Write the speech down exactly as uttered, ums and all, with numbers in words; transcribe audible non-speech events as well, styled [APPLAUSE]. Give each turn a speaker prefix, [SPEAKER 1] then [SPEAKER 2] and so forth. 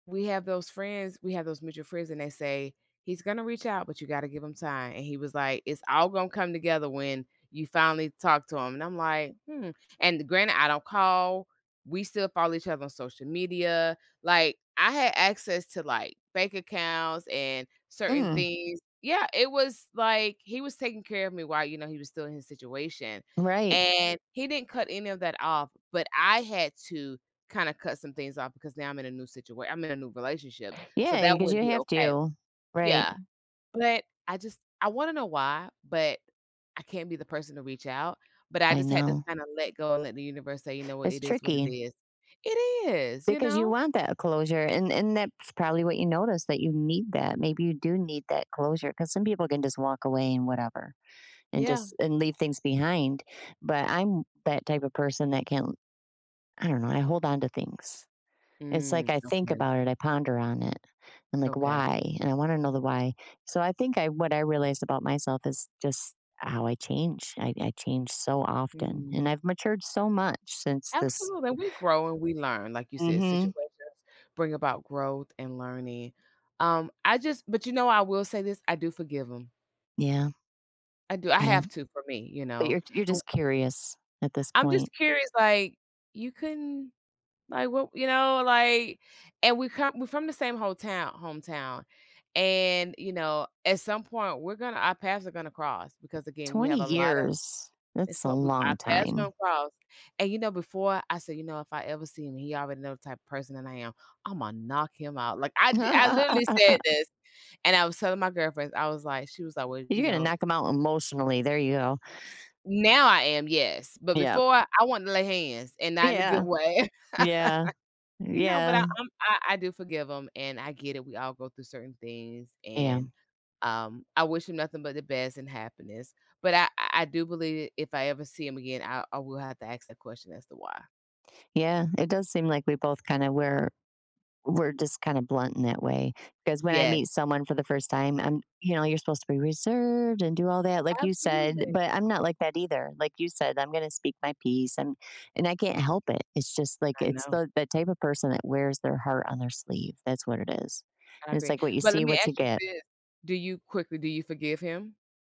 [SPEAKER 1] We have those friends, We have those mutual friends, and they say, he's gonna reach out, but you gotta give him time. And he was like, it's all gonna come together when you finally talk to him. And I'm like, hmm And granted, I don't call. We still follow each other on social media. Like, I had access to, like, bank accounts and certain
[SPEAKER 2] Mm.
[SPEAKER 1] things. Yeah, It was like, he was taking care of me while, you know, he was still in his situation.
[SPEAKER 2] Right.
[SPEAKER 1] And he didn't cut any of that off, but I had to kinda cut some things off because now I'm in a new situat I'm in a new relationship. So
[SPEAKER 2] Yeah,
[SPEAKER 1] that
[SPEAKER 2] 'cause
[SPEAKER 1] wouldn't
[SPEAKER 2] you
[SPEAKER 1] be
[SPEAKER 2] have
[SPEAKER 1] okay.
[SPEAKER 2] to. Right.
[SPEAKER 1] Yeah. But I just I wanna know why, but I can't be the person to reach out, But I
[SPEAKER 2] I
[SPEAKER 1] just had to
[SPEAKER 2] know.
[SPEAKER 1] kinda let go and let the universe say, you know what?
[SPEAKER 2] It's
[SPEAKER 1] It is what it
[SPEAKER 2] tricky.
[SPEAKER 1] is It is, you
[SPEAKER 2] Because you
[SPEAKER 1] know?
[SPEAKER 2] want that closure, and and that's probably what you noticed that you need that. Maybe you do need that closure 'cause some people can just walk away and whatever and
[SPEAKER 1] Yeah.
[SPEAKER 2] just, and leave things behind. But I'm that type of person that can't I don't know. I hold on to things. It's
[SPEAKER 1] Mm,
[SPEAKER 2] like I think
[SPEAKER 1] Okay.
[SPEAKER 2] about it. I ponder on it. I'm like,
[SPEAKER 1] Okay.
[SPEAKER 2] "Why?" And I wanna know the why. So I think I what I realized about myself is just how I change. I I change so often,
[SPEAKER 1] Mm.
[SPEAKER 2] and I've matured so much since this
[SPEAKER 1] Absolutely, and we grow and we learn, like you said,
[SPEAKER 2] Mhm.
[SPEAKER 1] situations bring about growth and learning. Um, I just but you know, I will say this, I do forgive them.
[SPEAKER 2] Yeah.
[SPEAKER 1] I do, I
[SPEAKER 2] Yeah.
[SPEAKER 1] have to for me, you
[SPEAKER 2] But
[SPEAKER 1] know?
[SPEAKER 2] you're you're
[SPEAKER 1] I
[SPEAKER 2] just curious at this
[SPEAKER 1] I'm just
[SPEAKER 2] point.
[SPEAKER 1] curious, like, "You couldn't, like, what" you know? Like, and we come we're from the same hometow hometown. And, you know, at some point, we're gonna our paths are gonna cross because, again, we
[SPEAKER 2] twenty
[SPEAKER 1] have a lotta
[SPEAKER 2] years
[SPEAKER 1] it's
[SPEAKER 2] That's a
[SPEAKER 1] what we our
[SPEAKER 2] long
[SPEAKER 1] paths are
[SPEAKER 2] time.
[SPEAKER 1] gonna cross. And, you know, before I said, "You know, if I ever see him," he already know the type of person that I am. "Imma knock him out." Like, I d I literally said
[SPEAKER 2] [LAUGHS]
[SPEAKER 1] this, and I was telling my girlfriends. I was like she was alway you
[SPEAKER 2] You're gonna
[SPEAKER 1] know
[SPEAKER 2] knock them out emotionally. There you go.
[SPEAKER 1] Now I am, yes, but
[SPEAKER 2] Yeah.
[SPEAKER 1] before, I want to lay hands and not in a good
[SPEAKER 2] Yeah.
[SPEAKER 1] way. [LAUGHS]
[SPEAKER 2] Yeah.
[SPEAKER 1] You know, but I
[SPEAKER 2] Yeah.
[SPEAKER 1] I'm I do forgive him, and I get it. We all go through certain things,
[SPEAKER 2] Yeah.
[SPEAKER 1] and, um, I wish him nothing but the best and happiness. But I I I, do believe if I ever see him again, I I will have to ask that question as to why.
[SPEAKER 2] Yeah. It does seem like we both kinda were were just kinda blunt in that way 'cause when I
[SPEAKER 1] Yes.
[SPEAKER 2] meet someone for the first time, I'm, you know, you're supposed to be reserved and do all that like you said,
[SPEAKER 1] Absolutely.
[SPEAKER 2] but I'm not like that either. Like you said, I'm gonna speak my peace and and I can't help it. It's just, like,
[SPEAKER 1] I
[SPEAKER 2] it's
[SPEAKER 1] know.
[SPEAKER 2] the the type of person that wears their heart on their sleeve. That's what it is.
[SPEAKER 1] I
[SPEAKER 2] And it's,
[SPEAKER 1] agree.
[SPEAKER 2] like, "What you
[SPEAKER 1] But
[SPEAKER 2] see,
[SPEAKER 1] let me
[SPEAKER 2] what you
[SPEAKER 1] ask you
[SPEAKER 2] get."
[SPEAKER 1] this. Do you- quickly- do you forgive him?